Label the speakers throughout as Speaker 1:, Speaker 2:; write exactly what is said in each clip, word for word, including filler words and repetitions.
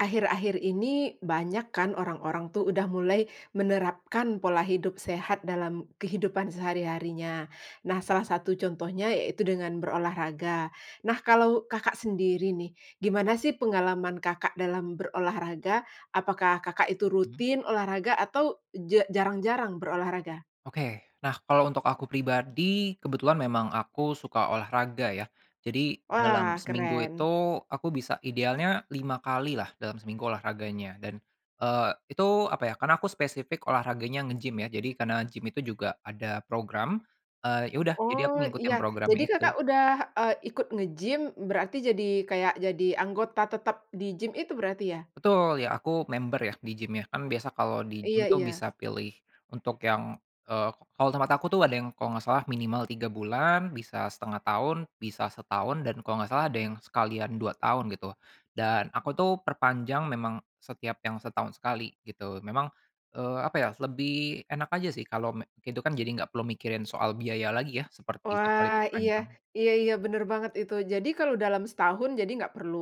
Speaker 1: Akhir-akhir ini, banyak kan, orang-orang tuh, udah mulai menerapkan pola hidup sehat dalam kehidupan sehari-harinya. Nah, salah satu contohnya yaitu dengan berolahraga. Nah, kalau Kakak sendiri nih, gimana sih, pengalaman Kakak dalam berolahraga? Apakah, Kakak itu
Speaker 2: Mhm.
Speaker 1: rutin olahraga? Atau, ja jarang-jarang berolahraga?
Speaker 2: Oke. Nah, kalau untuk aku pribadi, kebetulan memang aku suka olahraga, ya. Jadi, dalam
Speaker 1: Wah,
Speaker 2: seminggu itu,
Speaker 1: keren.
Speaker 2: aku bisa idealnya lima kali lah, dalam seminggu, olahraganya, dan, eee, itu, apa ya, karena aku spesifik olahraganya, nge-gym, ya. Jadi, karena gym itu juga ada program, eee, ya udah, jadi, aku
Speaker 1: Oh, iya.
Speaker 2: ngikutin programnya
Speaker 1: Jadi, Kakak
Speaker 2: itu.
Speaker 1: udah, eee, ikut nge-gym berarti jadi, kayak jadi anggota tetap di gym itu, berarti ya?
Speaker 2: Betul! Ya, aku member ya, di gym, ya. Kan, biasa kalau di gym
Speaker 1: Iya
Speaker 2: itu,
Speaker 1: iya.
Speaker 2: bisa pilih untuk yang, eee, kalau tempat aku tuh, ada yang kalau enggak salah minimal tiga bulan, bisa setengah tahun, bisa setahun, dan kalau enggak salah, ada yang sekalian dua tahun, gitu. Dan, aku tuh, perpanjang memang setiap yang setahun sekali, gitu, memang, eee, apa ya, lebih enak aja sih kalau me itu kan. Jadi, enggak perlu mikirin soal biaya lagi, ya, seperti yang paling
Speaker 1: Wah, iya
Speaker 2: panjang.
Speaker 1: iya iya, benar banget itu. Jadi, kalau dalam setahun, jadi enggak perlu,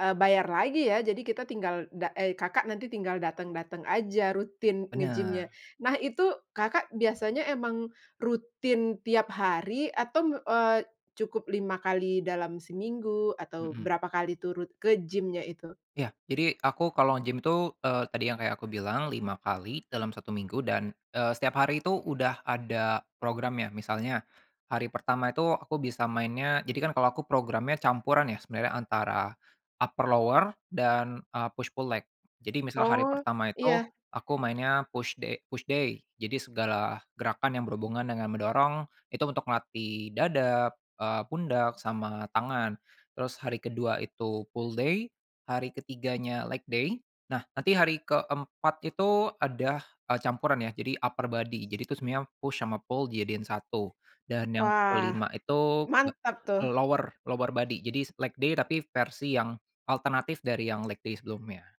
Speaker 1: eee, bayar lagi, ya. Jadi, kita tinggal da eee, Kakak nanti tinggal datang-datang aja, rutin nge-gym-nya.
Speaker 2: Benar.
Speaker 1: Nah, itu Kakak biasanya emang rutin tiap hari? Atau, me eee, cukup lima kali dalam seminggu? Atau,
Speaker 2: Heeh.
Speaker 1: berapa kali tuh rut ke gym-nya itu?
Speaker 2: Ya. Jadi, aku kalau nge-gym itu, eee, tadi yang kayak aku bilang, lima kali dalam satu minggu, dan, eee, setiap hari itu udah ada programnya. Misalnya, hari pertama itu aku bisa mainnya, jadi kan, kalau aku programnya campuran ya, sebenarnya, antara upper-lower, dan, eee, push-pull leg. Jadi, misalnya hari
Speaker 1: Oh,
Speaker 2: pertama itu
Speaker 1: iya.
Speaker 2: aku mainnya push da push day, jadi segala gerakan yang berhubungan dengan mendorong itu untuk melatih dada, eee pundak, sama tangan. Terus, hari kedua itu pull-day, hari ketiganya leg-day. Nah, nanti hari keempat itu ada, eee, campuran ya, jadi upper-body. Jadi tuh, sebenarnya push sama pull dijadiin satu. Dan, yang
Speaker 1: Wah.
Speaker 2: kelima itu
Speaker 1: Mantap tuh.
Speaker 2: lower lower-body, jadi, leg-day tapi, versi yang alternatif dari yang leg-day sebelumnya.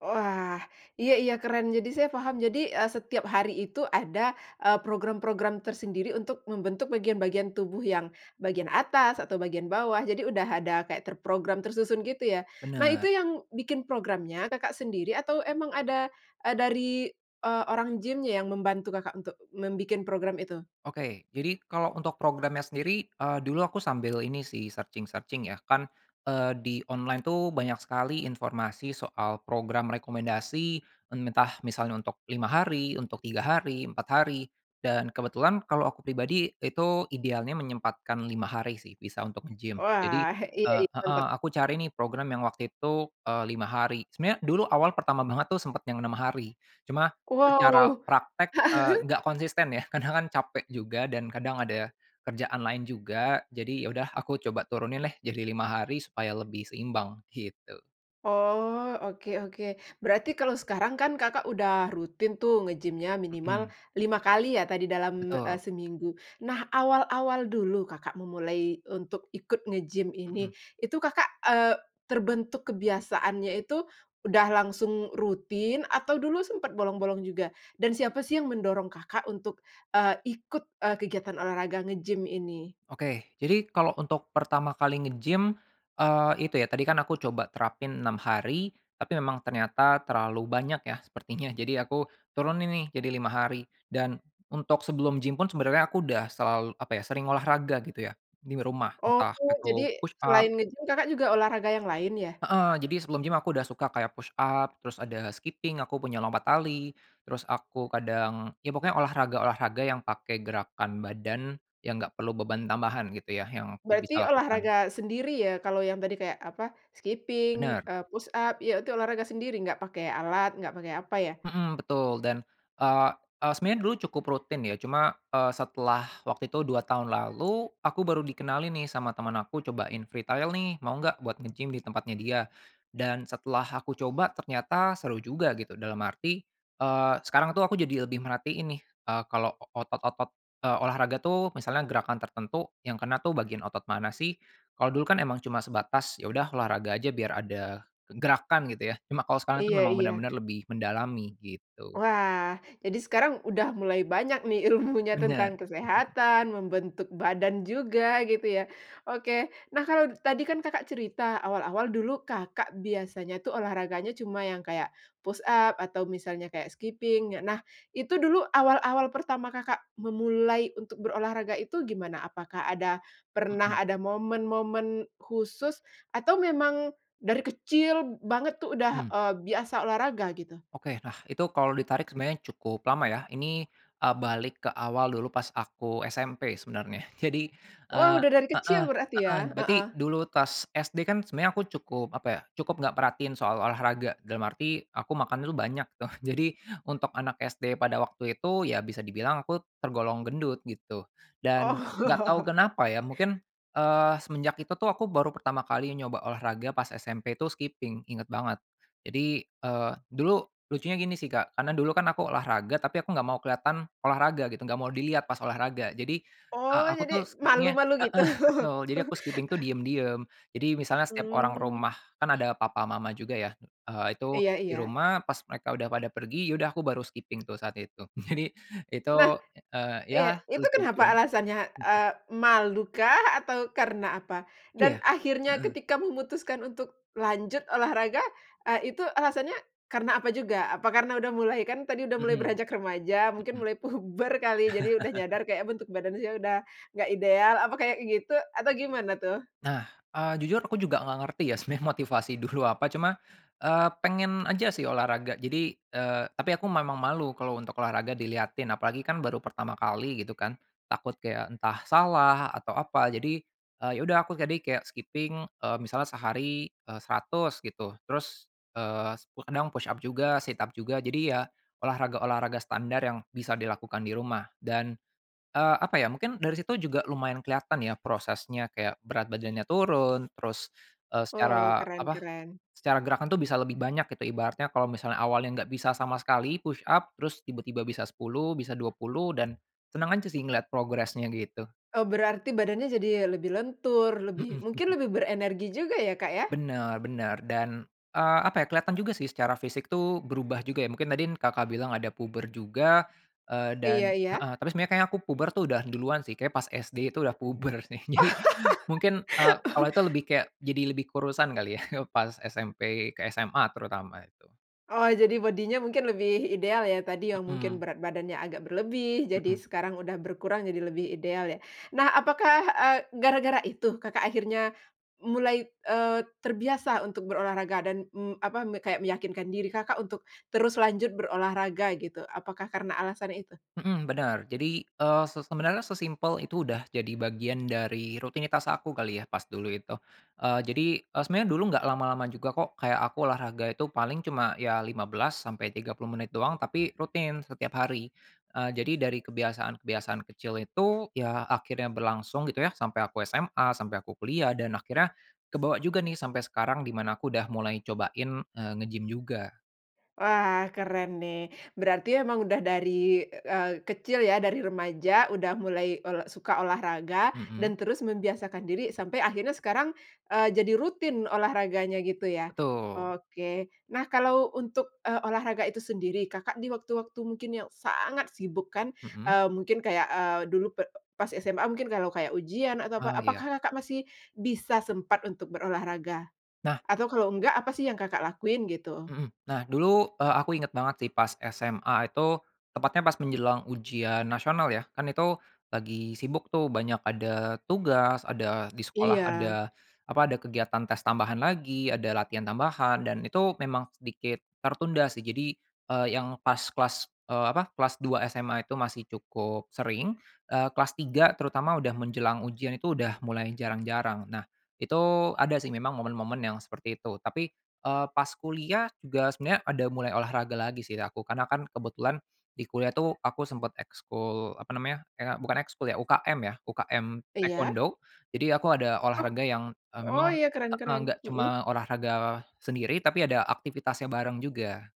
Speaker 1: Wah, iya iya, keren. Jadi, saya paham, jadi, eee, setiap hari itu ada, eee, program-program tersendiri untuk membentuk bagian-bagian tubuh yang bagian atas, atau bagian bawah. Jadi, udah ada kayak terprogram, tersusun, gitu ya? Nah, itu
Speaker 2: Benar.
Speaker 1: yang bikin programnya Kakak sendiri? Atau, emang ada dari, eee, orang gym yang membantu Kakak, untuk membikin program itu?
Speaker 2: Oke. Jadi, kalau untuk programnya sendiri, eee, dulu aku sambil ini sih, searching-searching ya. Kan, eee, di online tuh, banyak sekali informasi soal program rekomendasi, entah, misalnya untuk lima hari, untuk tiga hari, empat hari. Dan, kebetulan kalau aku pribadi itu, idealnya menyempatkan lima hari sih, bisa, untuk nge-gym. Jadi,
Speaker 1: Wah, iya,
Speaker 2: eee
Speaker 1: itu
Speaker 2: heeh,
Speaker 1: mantap.
Speaker 2: aku cari nih, program yang waktu itu, eee, lima hari. Sebenarnya, dulu awal pertama banget tuh, sempat yang enam hari, cuma, secara
Speaker 1: Wow.
Speaker 2: praktek, eee, enggak konsisten ya, kadang kan, capek juga, dan, kadang ada kerjaan lain juga. Jadi, ya udah, aku coba turunin deh, jadi lima hari, supaya lebih seimbang, gitu.
Speaker 1: Oh, oke oke. Berarti kalau sekarang kan Kakak udah rutin tuh nge-gym-nya minimal
Speaker 2: Mhm.
Speaker 1: lima kali ya tadi dalam, eh,
Speaker 2: Betul.
Speaker 1: seminggu. Nah awal-awal dulu, Kakak memulai untuk ikut nge-gym ini,
Speaker 2: Mhm.
Speaker 1: itu Kakak, eee, terbentuk kebiasaannya itu udah langsung rutin atau dulu sempat bolong-bolong juga dan siapa sih yang mendorong Kakak untuk, eee, ikut, eee, kegiatan olahraga nge-gym ini?
Speaker 2: Oke, jadi kalau untuk pertama kali nge-gym, eee, itu ya, tadi kan aku coba terapin enam hari tapi memang ternyata terlalu banyak ya, sepertinya. Jadi aku turunin nih jadi lima hari dan untuk sebelum gym pun sebenernya aku udah selal apa ya, sering olahraga gitu ya nim rumah,
Speaker 1: Oh,
Speaker 2: entah
Speaker 1: jadi
Speaker 2: aku
Speaker 1: selain
Speaker 2: push-up.
Speaker 1: nge-gym Kakak juga olahraga yang lain ya?
Speaker 2: Heeh, jadi sebelum gym aku udah suka kayak push-up, terus ada skipping, aku punya lompat tali, terus aku kadang ya pokoknya olahraga-olahraga yang pakai gerakan badan yang enggak perlu beban tambahan gitu ya, yang aku bisa
Speaker 1: Berarti
Speaker 2: lakukan.
Speaker 1: olahraga sendiri ya, kalau yang tadi kayak apa, skipping,
Speaker 2: Bener.
Speaker 1: eee, push-up, ya itu, olahraga sendiri enggak pakai alat, enggak pakai apa ya?
Speaker 2: Mhm, betul dan, eee eee, sebenarnya dulu cukup rutin ya cuma, eee, setelah waktu itu dua tahun lalu, aku baru dikenalin nih sama teman aku cobain free trial nih, mau enggak buat nge-gym di tempatnya dia, dan setelah aku coba ternyata seru juga gitu dalam arti, eee, sekarang tuh aku jadi lebih merhatiin nih, eee, kalau otot-otot eee, olahraga tuh, misalnya gerakan tertentu yang kena tuh bagian otot mana sih. Kalau dulu kan emang cuma sebatas, "Ya udah olahraga aja, biar ada gerakan," gitu ya. Cuma kalau sekarang tuh
Speaker 1: Iya
Speaker 2: memang
Speaker 1: iya.
Speaker 2: benar-benar lebih mendalami gitu.
Speaker 1: Wah, jadi sekarang udah mulai banyak nih ilmunya tentang
Speaker 2: Bener. Mhm.
Speaker 1: kesehatan, membentuk badan juga gitu ya. Oke, nah kalau tadi kan Kakak cerita awal-awal dulu Kakak biasanya tuh olahraganya cuma yang kayak push-up atau misalnya kayak skipping. Nah itu dulu awal-awal pertama Kakak memulai untuk berolahraga itu gimana, apakah ada
Speaker 2: Mhm.
Speaker 1: pernah ada momen-momen khusus atau memang dari kecil banget tuh udah,
Speaker 2: Hmm.
Speaker 1: eee, biasa olahraga gitu?
Speaker 2: Oke. Nah, itu kalau ditarik sebenarnya cukup lama ya. Ini, eee, balik ke awal dulu pas aku SMP sebenarnya. Jadi,
Speaker 1: Wah
Speaker 2: eee
Speaker 1: udah dari
Speaker 2: heeh,
Speaker 1: kecil berarti
Speaker 2: heeh,
Speaker 1: ya?
Speaker 2: berarti
Speaker 1: Heeh.
Speaker 2: dulu tas SD kan sebenarnya aku cukup apa ya, cukup enggak perhatiin soal olahraga, dalam arti aku makan dulu banyak tuh. Jadi, untuk anak SD pada waktu itu, ya bisa dibilang aku tergolong gendut gitu dan enggak tau
Speaker 1: Oh.
Speaker 2: kenapa ya mungkin, eee, semenjak itu tuh aku baru pertama kali nyoba olahraga pas SMP tu skipping inget banget. Jadi, eee, dulu lucunya gini sih Kak, karena dulu kan aku olahraga tapi aku enggak mau kelihatan olahraga gitu, enggak mau dilihat pas olahraga. Jadi, eee,
Speaker 1: Oh,
Speaker 2: aku tuh
Speaker 1: jadi
Speaker 2: skipping-nya
Speaker 1: malu-malu gitu?
Speaker 2: heeh betul, jadi aku skipping tuh diam-diam, jadi misalnya setiap orang
Speaker 1: Mmm.
Speaker 2: rumah kan ada papa mama juga ya, eee itu
Speaker 1: Iya
Speaker 2: di
Speaker 1: iya.
Speaker 2: rumah pas mereka udah pada pergi ya udah aku baru skipping tuh saat itu. Jadi itu,
Speaker 1: Nah,
Speaker 2: eee, ya
Speaker 1: iya, itu kenapa
Speaker 2: lucu-lucuan.
Speaker 1: alasannya? Eee, malu kah, atau karena apa? Dan
Speaker 2: Iya,
Speaker 1: akhirnya
Speaker 2: heeh.
Speaker 1: ketika memutuskan untuk lanjut olahraga, eee, itu alasannya karena apa juga, apa karena udah mulai kan tadi udah mulai
Speaker 2: Mhm,
Speaker 1: beranjak remaja, mungkin
Speaker 2: mhm.
Speaker 1: mulai puber kali jadi udah nyadar, kayak bentuk badan saya sudah enggak ideal, apa kayak gitu atau gimana tuh?
Speaker 2: Nah, eee, jujur aku juga enggak ngerti ya sebenarnya motivasi dulu apa cuma, eee, pengen aja sih olahraga. Jadi eee, tapi aku memang malu kalau untuk olahraga dilihatin. Apalagi kan baru pertama kali gitu kan. Takut kayak entah salah atau apa. Jadi, eee, ya udah aku jadi kayak skipping, eee, misalnya sehari, eh, seratus gitu. Terus, eee, kadang push-up juga, sit-up juga, jadi ya olahraga-olahraga standar yang bisa dilakukan di rumah dan, eee, apa ya, mungkin dari situ juga lumayan kelihatan ya prosesnya kayak berat badannya turun, terus, eee,
Speaker 1: Oh
Speaker 2: secara
Speaker 1: keren
Speaker 2: apa,
Speaker 1: keren.
Speaker 2: secara gerakan tuh bisa lebih banyak gitu ibaratnya kalau misalnya awalnya enggak bisa sama sekali push-up terus tiba-tiba bisa sepuluh, bisa dua puluh, dan senang aja sih ngelihat progresnya gitu.
Speaker 1: Oh berarti badannya jadi lebih lentur, lebih
Speaker 2: Heeh.
Speaker 1: mungkin lebih berenergi juga ya, Kak, ya?
Speaker 2: Benar benar, dan, eee, apa ya, kelihatan juga sih secara fisik tuh berubah juga ya. Mungkin tadin Kakak bilang ada puber juga, eee
Speaker 1: Iya
Speaker 2: dan
Speaker 1: iya.
Speaker 2: heeh, tapi sebenernya kayaknya aku puber tuh udah duluan sih, kayaknya pas SD tuh udah puber sih, jadi mungkin, eee, awalnya tuh lebih kayak jadi lebih kurusan kali ya pas SMP ke SMA terutama, itu.
Speaker 1: Oh, jadi bodinya mungkin lebih ideal ya, tadi yang mungkin
Speaker 2: Heeh.
Speaker 1: berat badannya agak berlebih, jadi
Speaker 2: Mhm.
Speaker 1: sekarang udah berkurang jadi lebih ideal ya. Nah apakah, eee, gara-gara itu Kakak akhirnya m mulai, eee, terbiasa untuk berolahraga dan, mmm, apa, me kayak meyakinkan diri Kakak untuk terus lanjut berolahraga gitu, apakah karena alasan itu?
Speaker 2: Mhm, bener, jadi, eee, se sebenarnya sesimpel itu udah jadi bagian dari rutinitas aku kali ya, pas dulu itu. Eee, jadi, eee, sebenarnya dulu enggak lama-lama juga kok. Kayak aku olahraga itu paling cuma ya, lima belas sampai tiga puluh menit doang tapi rutin setiap hari. Eee, jadi dari kebiasaan-kebiasaan kecil itu ya akhirnya berlangsung gitu ya, sampai aku SMA, sampai aku kuliah dan akhirnya kebawa juga nih sampai sekarang di mana aku udah mulai cobain, eee, nge-gym juga.
Speaker 1: Wah keren nih. Berarti emang udah dari, eee eee, kecil ya, dari remaja udah mulai ol suka olahraga,
Speaker 2: Mhm.
Speaker 1: dan terus membiasakan diri sampai akhirnya sekarang, eee, jadi rutin olahraganya gitu ya.
Speaker 2: Betul.
Speaker 1: Oke, nah kalau untuk, eee, olahraga itu sendiri, Kakak di waktu-waktu mungkin yang sangat sibuk kan,
Speaker 2: Mhm.
Speaker 1: eee, mungkin kayak, eee, dulu p pas SMA mungkin kalau kayak ujian atau apa,
Speaker 2: Eee, iya.
Speaker 1: apakah Kakak masih bisa sempat untuk berolahraga?
Speaker 2: Nah.
Speaker 1: Atau kalau enggak apa sih yang Kakak lakuin, gitu?
Speaker 2: Mhm. Nah, dulu, eee ,aku ingat banget sih pas SMA itu, tepatnya pas menjelang ujian nasional ya. Kan itu lagi sibuk tuh banyak ada tugas, ada di sekolah
Speaker 1: Iya.
Speaker 2: ada apa, ada kegiatan tes tambahan lagi, ada latihan tambahan dan itu memang sedikit tertunda sih. Jadi, eee, yang pas kelas, eee, apa, kelas dua SMA itu masih cukup sering, eee, kelas tiga terutama udah menjelang ujian itu udah mulai jarang-jarang. Nah, itu ada sih memang momen-momen yang seperti itu. Tapi, eee, pas kuliah, juga sebenarnya ada mulai olahraga lagi sih aku, karena kan kebetulan di kuliah itu aku sempat ekskul apa namanya, kayak bukan ekskul ya, UKM ya. UKM,
Speaker 1: Iya.
Speaker 2: taekwondo, jadi aku ada
Speaker 1: Oh.
Speaker 2: olahraga yang, eh,
Speaker 1: Oh
Speaker 2: memang
Speaker 1: iya keren
Speaker 2: heeh,
Speaker 1: keren
Speaker 2: enggak
Speaker 1: mhm.
Speaker 2: cuma olahraga sendiri tapi ada aktivitasnya bareng juga.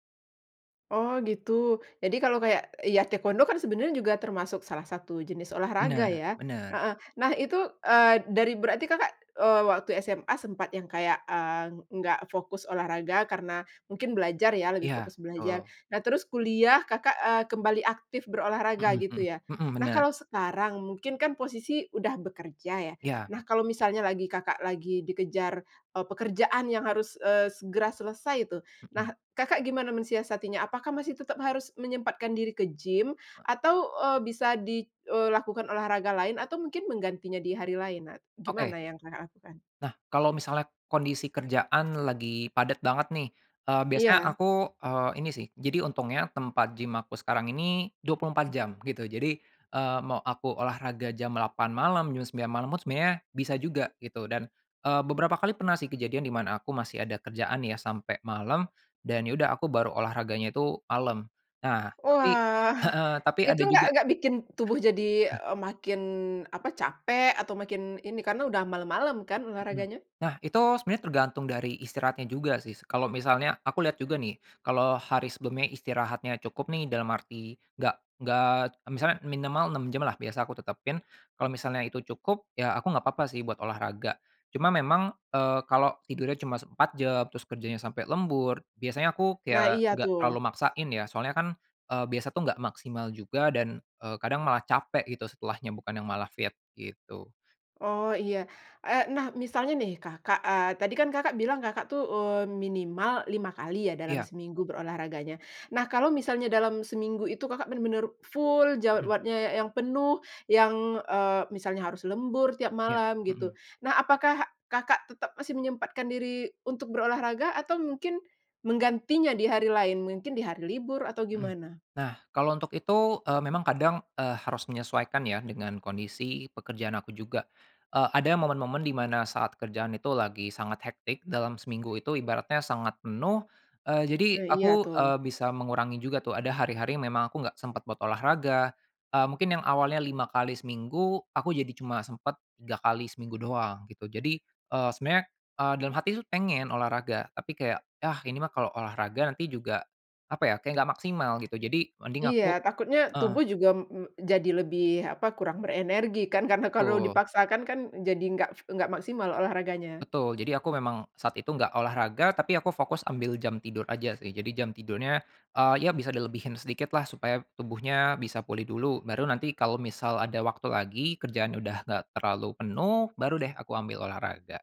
Speaker 1: Oh gitu. Jadi kalau kayak, ya taekwondo kan sebenarnya juga termasuk salah satu jenis olahraga
Speaker 2: Bener
Speaker 1: ya,
Speaker 2: bener.
Speaker 1: heeh. Nah itu, eee, dari berarti Kakak, eee, waktu SMA sempat yang kayak, eee, enggak fokus olahraga karena mungkin belajar ya, lebih
Speaker 2: Iya,
Speaker 1: fokus belajar.
Speaker 2: betul.
Speaker 1: Nah terus kuliah Kakak, eee, kembali aktif berolahraga
Speaker 2: Mhm
Speaker 1: gitu
Speaker 2: mhm.
Speaker 1: ya.
Speaker 2: Mhm,
Speaker 1: Nah,
Speaker 2: bener.
Speaker 1: kalau sekarang, mungkin kan posisi udah bekerja ya.
Speaker 2: Iya,
Speaker 1: Nah,
Speaker 2: bet
Speaker 1: kalau misalnya lagi Kakak lagi dikejar, eee, pekerjaan yang harus, eee, segera selesai tu, nah
Speaker 2: Mhm.
Speaker 1: Kakak gimana mensiasatinya? Apakah masih tetap harus menyempatkan diri ke gym
Speaker 2: E
Speaker 1: atau, eee, bisa di eee, lakukan olahraga lain atau mungkin menggantinya di hari lain? Nah
Speaker 2: Oke.
Speaker 1: gimana yang Kakak lakukan?
Speaker 2: Nah, kalau misalnya kondisi kerjaan lagi padat banget nih, eee, biasanya
Speaker 1: Iya.
Speaker 2: aku, eee, ini sih. Jadi untungnya tempat gym aku sekarang ini dua puluh empat jam gitu, jadi, eee, mau aku olahraga jam delapan malam, jam sembilan malam pun sebenarnya bisa juga gitu dan, eee, beberapa kali pernah sih kejadian di mana aku masih ada kerjaan ya sampai malam dan ya udah aku baru olahraganya tu malam. Nah tapi
Speaker 1: Wah,
Speaker 2: heeh, tapi
Speaker 1: Itu
Speaker 2: ada juga
Speaker 1: enggak enggak bikin tubuh jadi, eee, makin, apa capek atau makin ini, karena udah malam-malam kan
Speaker 2: Mhm.
Speaker 1: olahraganya?
Speaker 2: Nah itu sebenarnya tergantung dari istirahatnya juga sih s kalau misalnya aku lihat juga nih, kalau hari sebelumnya istirahatnya cukup nih dalam arti enggak enggak misalnya, minimal enam jam lah biasa aku tetapin, kalau misalnya itu cukup, ya aku enggak apa-apa sih buat olahraga. Cuma memang, eee, kalau tidurnya cuma empat jam, terus kerjanya sampai lembur, biasanya aku
Speaker 1: Nah,
Speaker 2: kayak
Speaker 1: iya
Speaker 2: enggak terlalu
Speaker 1: tuh.
Speaker 2: maksain ya, soalnya kan, eee, biasa tuh enggak maksimal juga dan, eee, kadang malah capek gitu setelahnya bukan yang malah fit gitu.
Speaker 1: Oh iya. Eee, nah misalnya nih Kakak eee, tadi kan Kakak bilang Kakak tuh, eee, minimal lima kali ya dalam
Speaker 2: Iya.
Speaker 1: seminggu berolahraganya. Nah kalau misalnya dalam seminggu itu, Kakak bener-bener full
Speaker 2: Mhm.
Speaker 1: jadwadnya yang penuh, yang, eee, misalnya harus lembur tiap
Speaker 2: Ya,
Speaker 1: malam gitu.
Speaker 2: mhm.
Speaker 1: Nah, apakah Kakak tetap masih menyempatkan diri untuk berolahraga atau mungkin menggantinya di hari lain? Mungkin di hari libur atau
Speaker 2: Mhm.
Speaker 1: gimana?
Speaker 2: Nah kalau untuk itu, eee, memang kadang, eee, harus menyesuaikan ya dengan kondisi pekerjaan aku juga. Eee, ada momen-momen di mana saat kerjaan itu lagi sangat hectic dalam seminggu itu ibaratnya sangat penuh, eee, jadi
Speaker 1: Ah iya,
Speaker 2: aku,
Speaker 1: tuh.
Speaker 2: eee, bisa mengurangi juga tuh, ada hari-hari yang memang aku enggak sempat buat olahraga, eee, mungkin yang awalnya lima kali seminggu, aku jadi cuma sempat tiga kali seminggu doang gitu. Jadi, eee, sebenernya, eee, dalam hati pengen olahraga tapi kayak, "Yah ini mah kalau olahraga nanti juga apa ya, kayak enggak maksimal," gitu jadi mending
Speaker 1: Iya,
Speaker 2: aku
Speaker 1: takutnya
Speaker 2: heeh.
Speaker 1: tubuh juga, mmm, jadi lebih, apa, kurang berenergi kan, karena kalau
Speaker 2: Betul.
Speaker 1: dipaksakan kan, jadi enggak enggak maksimal olahraganya.
Speaker 2: Betul, jadi aku memang, saat itu enggak olahraga tapi aku fokus ambil jam tidur aja sih. Jadi jam tidurnya, eee, ya bisa dilebihin sedikitlah supaya tubuhnya bisa pulih dulu, baru nanti kalau misal ada waktu lagi, kerjaannya udah enggak terlalu penuh, baru deh aku ambil olahraga.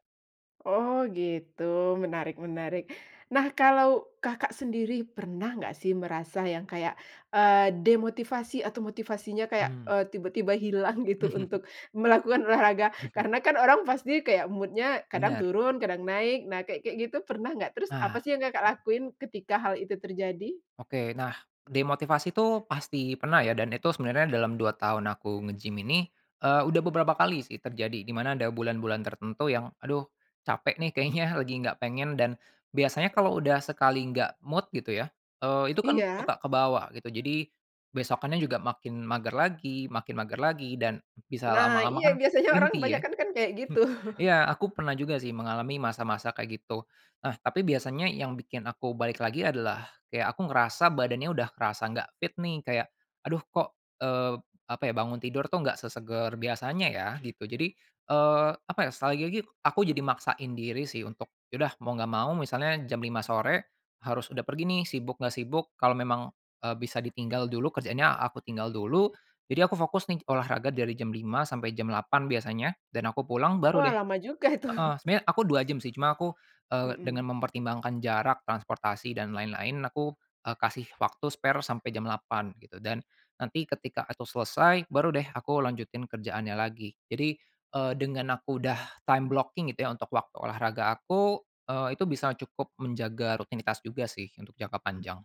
Speaker 1: Oh gitu, menarik menarik. Nah kalau Kakak sendiri pernah enggak sih merasa yang kayak, eee, demotivasi atau motivasinya kayak,
Speaker 2: Hmm.
Speaker 1: eee, tiba-tiba hilang gitu untuk melakukan olahraga karena kan orang pasti kayak mood-nya kadang
Speaker 2: Bener.
Speaker 1: turun kadang naik, nah kayak kayak gitu pernah enggak? Terus
Speaker 2: Nah.
Speaker 1: apa sih yang Kakak lakuin ketika hal itu terjadi?
Speaker 2: Oke. Nah, demotivasi itu pasti pernah ya dan itu sebenarnya dalam dua tahun aku nge-gym ini, eee, udah beberapa kali sih terjadi di mana ada bulan-bulan tertentu yang "Aduh capek nih kayaknya lagi enggak pengen." Dan biasanya
Speaker 1: Eee.
Speaker 2: kalau udah sekali enggak mood gitu ya, eee, itu kan
Speaker 1: Iya.
Speaker 2: suka kebawa gitu, jadi besokannya juga makin mager lagi makin mager lagi, dan bisa
Speaker 1: Nah,
Speaker 2: lama-lama
Speaker 1: iya
Speaker 2: kan
Speaker 1: biasanya orang
Speaker 2: berhenti ya.
Speaker 1: kebanyakan kan kayak gitu.
Speaker 2: Iya, aku pernah juga sih mengalami masa-masa kayak gitu. Nah tapi biasanya yang bikin aku balik lagi adalah kayak aku ngerasa badannya udah kerasa enggak fit nih, kayak, "Aduh kok, eee, apa ya, bangun tidur tuh enggak sesegar biasanya ya," gitu jadi, eee, apa ya, sekali lagi aku jadi maksain diri sih untuk, ya udah, mau enggak mau misalnya jam lima sore harus udah pergi nih, sibuk enggak sibuk kalau memang, eee, bisa ditinggal dulu kerjaannya aku tinggal dulu, jadi aku fokus nih olahraga dari jam lima sampai jam delapan biasanya dan aku pulang baru
Speaker 1: Wah,
Speaker 2: deh
Speaker 1: lama juga itu.
Speaker 2: heeh. Sebenarnya aku dua jam sih cuma aku, eee,
Speaker 1: Mhm.
Speaker 2: dengan mempertimbangkan jarak, transportasi dan lain-lain aku, eee, kasih waktu spare sampai jam delapan gitu, dan nanti ketika aku selesai, baru deh aku lanjutin kerjaannya lagi. Jadi, eee, dengan aku udah time blocking gitu ya untuk waktu olahraga aku, eee, itu bisa cukup menjaga rutinitas juga sih, untuk jangka panjang.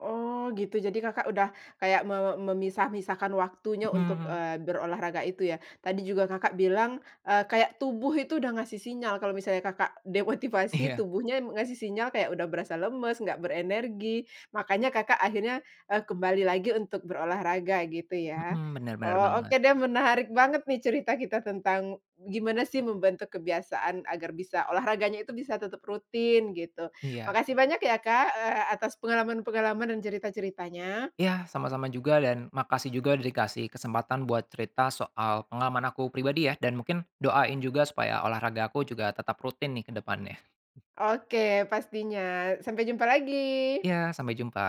Speaker 1: Oh gitu, jadi Kakak udah kayak me memisah-misahkan waktunya untuk,
Speaker 2: Mhm.
Speaker 1: eee, berolahraga itu ya. Tadi juga Kakak bilang, eee, kayak tubuh itu udah ngasih sinyal kalau misalnya Kakak demotivasi,
Speaker 2: Iya.
Speaker 1: tubuhnya ngasih sinyal kayak udah berasa lemes, enggak berenergi, makanya Kakak akhirnya, eee, kembali lagi untuk berolahraga gitu ya.
Speaker 2: Mhm. Bener bener
Speaker 1: Oh,
Speaker 2: banget.
Speaker 1: oke deh menarik banget nih cerita kita tentang gimana sih membentuk kebiasaan agar bisa olahraganya itu bisa tetap rutin gitu.
Speaker 2: Iya.
Speaker 1: Makasih banyak ya, Kak, eee, atas pengalaman-pengalaman dan cerita-ceritanya.
Speaker 2: Iya, sama-sama juga dan makasih juga udah dikasih kesempatan buat cerita soal pengalaman aku pribadi ya. Dan mungkin doain juga supaya olahraga aku juga tetap rutin nih ke depannya.
Speaker 1: Oke, pastinya. Sampai jumpa lagi.
Speaker 2: Iya, sampai jumpa.